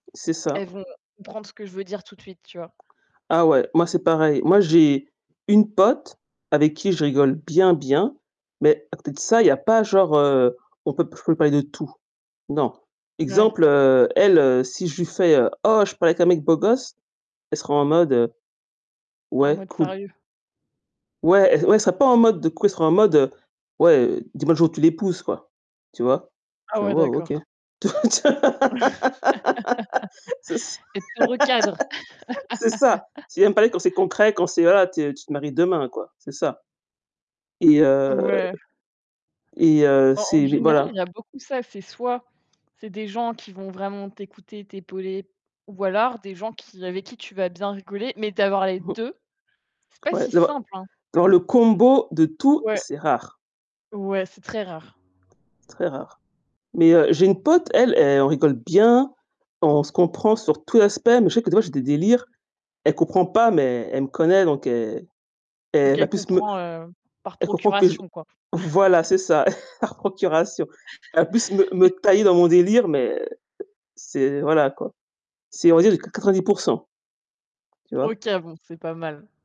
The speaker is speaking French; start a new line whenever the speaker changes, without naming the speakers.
C'est ça.
Elles vont comprendre ce que je veux dire, tout de suite, tu vois?
Ah, ouais, moi, c'est pareil. Moi, j'ai une pote avec qui je rigole bien bien, mais à côté de ça, il y a pas genre, heu, on peut je peux parler de tout. Non.
Ouais.
Exemple, heu, elle, heu, si je lui fais, heu: «Oh, je pars avec un mec beau gosse», elle sera en mode, heu:
En
«Ouais,
mode
cool».
sérieux.
Ouais, et ouais, elle serait pas en mode: «De quoi?», elle sera en mode, heu: «Ouais, dis-moi le jour où tu l'épouses, quoi», tu vois? Je
Ah,
fais
ouais,
wow, OK.
d'accord.
C'est ç
Elle te recadre.
c'est ça, c'est viens me parler quand c'est concret, quand c'est, heu, voilà, tu es tu te maries demain, quoi, c'est ça, et heu,
Ouais.
et heu,
Bah, en
c'est mais
général, il
voilà.
y a beaucoup ça, c'est soit, c'est des gens qui vont vraiment t'écouter, t'épauler ou alors, des gens qui avec qui tu vas bien rigoler, mais d'avoir les
Mmh.
2, c'est pas
Ouais,
si
d'avoir
simple, hein?
dans le combo de tout,
Ouais.
c'est rare.
Ouais, c'est très rare.
C'est très rare, mais heu, j'ai une pote, elle elle on rigole bien, on se comprend sur tout les aspects, mais je sais que des fois j'ai des délires, elle comprend pas, mais elle me connaît, donc elle elle
OK,
va plus me
comprend, heu, par
elle comprend que je
procuration, quoi.
voilà, c'est ça, par procuration. Elle va plus me me tailler dans mon délire, mais c'est voilà quoi. C'est, on va dire du qua 90 % tu vois?
OK, bon, c'est pas mal.